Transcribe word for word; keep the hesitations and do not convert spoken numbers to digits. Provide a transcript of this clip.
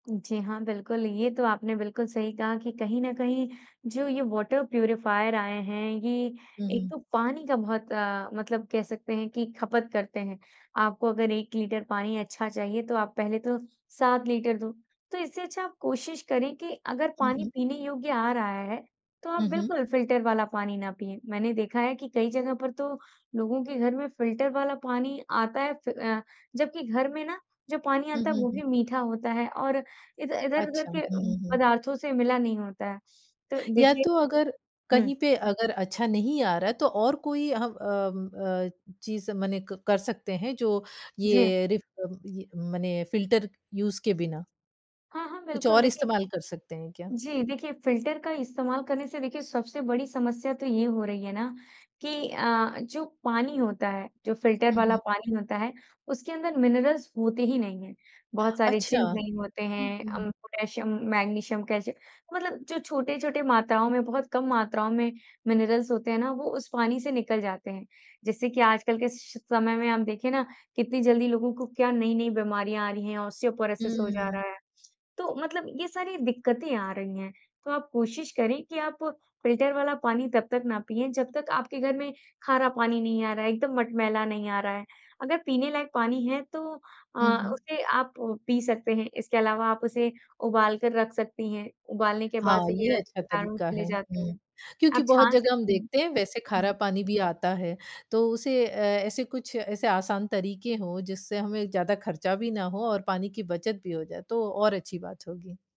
जी हाँ, बिल्कुल ये तो आपने बिल्कुल सही कहा कि कहीं न कहीं जो ये वाटर प्यूरीफायर आए हैं, ये हुँ, एक हुँ। तो पानी का बहुत अ, मतलब कह सकते हैं कि खपत करते हैं। आपको अगर एक लीटर पानी अच्छा चाहिए तो आप पहले तो सात लीटर दो। तो इससे अच्छा आप कोशिश करें कि अगर हुँ, पानी हुँ। पीने योग्य आ रहा है, तो आप हुँ, हुँ। बिल्कुल फिल्टर वाला पानी ना पिएँ। मैंने देखा है कि कई जगह पर तो लोगों के घर में फिल्टर वाला पानी आता है फ अ, जबकि घर में ना, जो पानी हुँ, आता है हुँ, वो हुँ। भी मीठा होता है और इध इधर-उधर अच्छा। हुँ, के उम, हुँ, हुँ। पदार्थों से मिला नहीं होता है। तो या देखिए तो अगर हुँ। कहीं पे अगर अच्छा नहीं आ रहा है तो और कोई ह अम अ, चीज़ मने क कर सकते हैं, जो जी। ये रिफ अम, ये मने फिल्टर यूज़ के बिना। हाँ, हाँ, कुछ बिल्कुल और देखिए इस्तेमाल कर सकते हैं क्या? जी देखिए, फिल्टर का इस्तेमाल करने से देखिए, सबसे बड़ी समस्या तो ये हो रही है ना कि अ अ, जो पानी होता है, जो फिल्टर हुँ, वाला हुँ। पानी होता है, उसके अंदर मिनरल्स होते ही नहीं हैं। बहुत सारे अच्छा। ज़िंक नहीं होते हुँ, हैं, हुँ, हुँ। उम, पोटैशियम, मैग्नीशियम, कैल्शियम मतलब जो छोटे-छोटे मात्राओं में बहुत कम मात्राओं में मिनरल्स होते हैं ना, वो उस पानी से निकल जाते हैं। जिससे कि आजकल के श समय में हम देखिए ना कितनी जल्दी लोगों को क्या नई-नई बीमारियाँ आ रही हैं, ऑस्टियोपोरोसिस हो जा रहा हम्म। है। तो मतलब ये सारी दिक्कतें आ रही हैं, तो आप कोशिश करें कि आप फिल्टर वाला पानी तब तक ना पिएँ, जब तक आपके घर में खारा पानी नहीं आ रहा है, एकदम मटमैला नहीं आ रहा है। अगर पीने लायक पानी है तो अ, हुँ, हुँ। उसे आप पी सकते हैं, इसके अलावा आप उसे उबाल कर रख सकती हैं, उबालने के हाँ, बाद से भी ये र अच्छा किटाणु तरीका चले है। जाते हुँ, हैं, क्योंकि आप बहुत छान जगह हम सकती हैं, देखते हैं वैसे खारा हाँ। पानी भी आता है, तो उसे अ, ऐसे कुछ, ऐसे आसान तरीके हों, जिससे हमें ज़्यादा खर्चा भी ना हो और पानी की बचत भी हो जाए? तो और अच्छी बात होगी।